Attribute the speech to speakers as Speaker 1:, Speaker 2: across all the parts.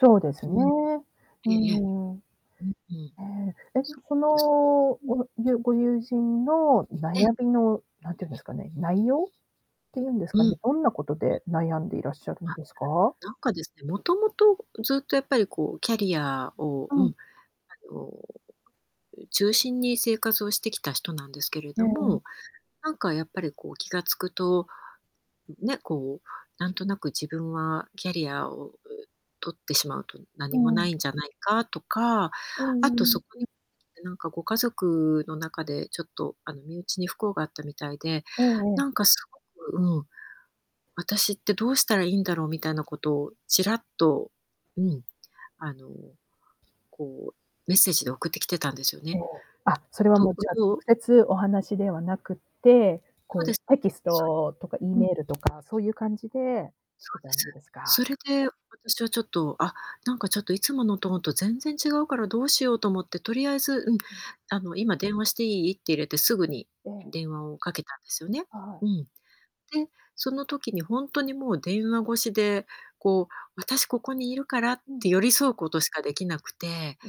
Speaker 1: そうです
Speaker 2: う
Speaker 1: ね、
Speaker 2: ん。い
Speaker 1: う
Speaker 2: え-いえ。
Speaker 1: ん。
Speaker 2: うんうん。
Speaker 1: え、え、そ
Speaker 2: そうです。
Speaker 1: の、
Speaker 2: うん。
Speaker 1: おゆご友人の
Speaker 2: うん。
Speaker 1: 悩みの、何て言うんですかね、内容っていうんです
Speaker 2: う
Speaker 1: かね、
Speaker 2: ん。
Speaker 1: どんなこと
Speaker 2: うん。
Speaker 1: で悩んでいらっしゃるんですか？
Speaker 2: あ。なんかですね、もともとずっと、やっぱりこう、キャリアを、
Speaker 1: う
Speaker 2: うん、
Speaker 1: ん。
Speaker 2: あの、中心に生活をしてきた人なんですけれ
Speaker 1: う
Speaker 2: ど
Speaker 1: ん。
Speaker 2: も、なんかやっぱりこう、気が付くと、ね、こう、なんとなく自分はキャリアを取ってしまうと
Speaker 1: う
Speaker 2: 何もな
Speaker 1: ん。
Speaker 2: いんじゃないかとか、
Speaker 1: う
Speaker 2: あ
Speaker 1: んう
Speaker 2: とそ
Speaker 1: ん。
Speaker 2: こに、なんかご家族の中でちょっとあの、身内に不幸があったみたいで、
Speaker 1: ええ
Speaker 2: な
Speaker 1: ええ。
Speaker 2: んかすごく、うん。私ってどうしたらいいんだろうみたいなことをちらっと、うん、あの、こう、メッセージで送ってきてたんですよ
Speaker 1: え
Speaker 2: ね。
Speaker 1: え、あ、それは
Speaker 2: ど
Speaker 1: も
Speaker 2: う
Speaker 1: うじゃあ
Speaker 2: どう
Speaker 1: 直接お話ではなくて、
Speaker 2: そうで
Speaker 1: こ
Speaker 2: す。
Speaker 1: うテキス
Speaker 2: そ
Speaker 1: トとか E
Speaker 2: う。うん。
Speaker 1: メールとかそういう感じで来
Speaker 2: そ
Speaker 1: て
Speaker 2: うで
Speaker 1: たん
Speaker 2: す。
Speaker 1: ですか。
Speaker 2: それで、私はちょっと、あ、なんかちょっといつものトーンと全然違うからどうしようと思って、とりあえず、うん、
Speaker 1: うん。
Speaker 2: あの、「今電話していい？」って入れて、すぐに、
Speaker 1: ええ。
Speaker 2: 電話をかけたんですよね。
Speaker 1: はい。
Speaker 2: うん。で、その時にほんとにもう電話越しで、こう、私ここにいるからっ
Speaker 1: うん。
Speaker 2: て寄り添うことしかできなくて、
Speaker 1: う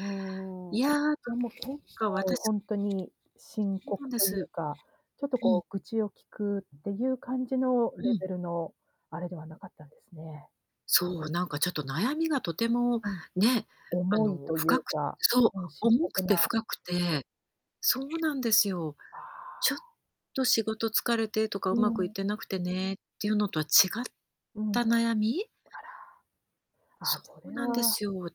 Speaker 1: ーん。
Speaker 2: いや、なん
Speaker 1: じゃ、もう、結
Speaker 2: か
Speaker 1: 構
Speaker 2: 私
Speaker 1: 本当に深
Speaker 2: そうなん
Speaker 1: 刻
Speaker 2: で
Speaker 1: という
Speaker 2: す。
Speaker 1: か、ちょっと
Speaker 2: うん。
Speaker 1: こう、愚痴を聞くっていう感じの
Speaker 2: う
Speaker 1: レ
Speaker 2: ん。
Speaker 1: ベルのあれではなかったんですね。
Speaker 2: そう、なんかちょっと悩みがとても
Speaker 1: うん。
Speaker 2: ね、あ
Speaker 1: 重い
Speaker 2: の
Speaker 1: とい
Speaker 2: 深
Speaker 1: う
Speaker 2: く
Speaker 1: か、
Speaker 2: そう、
Speaker 1: うん、深
Speaker 2: 重く
Speaker 1: 刻
Speaker 2: て
Speaker 1: な。
Speaker 2: 深くて、そうなんですよ。
Speaker 1: あ
Speaker 2: ちょっ
Speaker 1: あ。
Speaker 2: と仕事疲れてとか
Speaker 1: う
Speaker 2: 上手くいっ
Speaker 1: ん。
Speaker 2: てなくてね、っていうのとは違っ
Speaker 1: うん。
Speaker 2: た悩み。
Speaker 1: あら。あ、
Speaker 2: そ
Speaker 1: そ
Speaker 2: う
Speaker 1: れ
Speaker 2: なんで
Speaker 1: は。
Speaker 2: すよ。